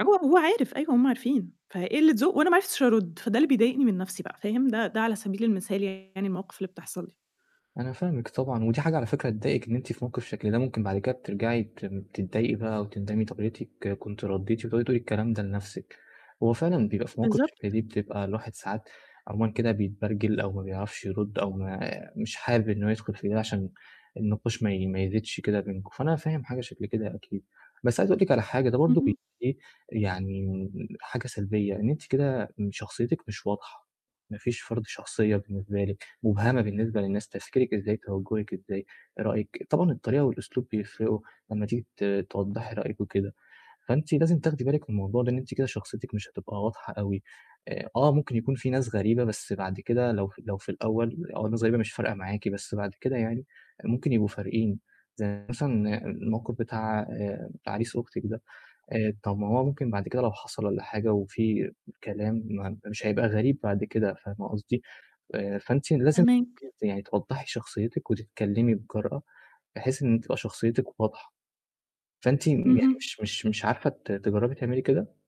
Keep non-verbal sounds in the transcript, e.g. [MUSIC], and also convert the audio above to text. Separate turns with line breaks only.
هو هو عارف، أيوه هُم عارفين، فقِلِة ذوق وأنا ما عرِفتش أرد فده اللي بيضايقني من نفْسي بقى فاهم. ده ده على سبيل المثال يعني المواقف اللي بتحصَل لي.
أنا فاهمِك طبعًا، ودي حاجة على فكرة تضايقِك إن أنتِ في موقف شكل ده، ممكن بعد كده بترجَعي ت تتضايقي بقى وتندمي طب يا ريتِك كنتِ رديتِ وتقعدي تقولي الكلام ده لنفْسِك. هو فعلًا بيبقى فيه مواقف شَبه
بالضبط.
دي بتبقى الواحد ساعات عمومًا كده بيتبرجل أو ما بيعرفش يرُد أو ما مش حابب إن هو يدخُل في ده عشان النقاش ما ي ما يزيدش كده بينكم، فأنا فاهم حاجة شكل كده أكيد. بس عايز أقول لِك على حاجة، ده برضو [UNINTELLIGIBLE]
إمم.
يعني حاجة سلبية، إن أنتِ كده شخصيتِك مش واضحة. ما فيش فرض شخصية بالنسبة لِك، مبهمة بالنسبة للناس، تفكيرِك إزاي توجهِك إزاي، رأيِك طبعًا الطريقة والأسلوب بيفرقوا لمّا تيجي ت توضَّحي رأيِك وكده، فأنتِ لازم تاخدي بالِك من الموضوع ده لأن أنتِ كده شخصيتِك مش هتبقى واضحة أوي. آآ آه، ممكن يكون فيه ناس غريبة بس بعد كده لو ف لو في الأول، الأول الناس الغريبة مش فارقة معاكِ بس بعد كده يعني ممكن يبقوا فارقين زَي مثلًا الموقف بتاع آآ عريس أختِك ده، آآ طَب ما هو ممكن بعد كده لو حصَل والّا حاجة وفيه كلام م مش هيبقى غريب بعد كده، فاهمة قصدي. آآ فأنتِ لازم
فاهماك.
[UNINTELLIGIBLE] أنتِ توضحَّي شخصيتِك وتتكلمي بجرأة بحيث إن تبقى شخصيتِك واضحة. فأنتِ يعني
اهم.
مش مش مش عارفة ت تجرَّبي تعملي كده؟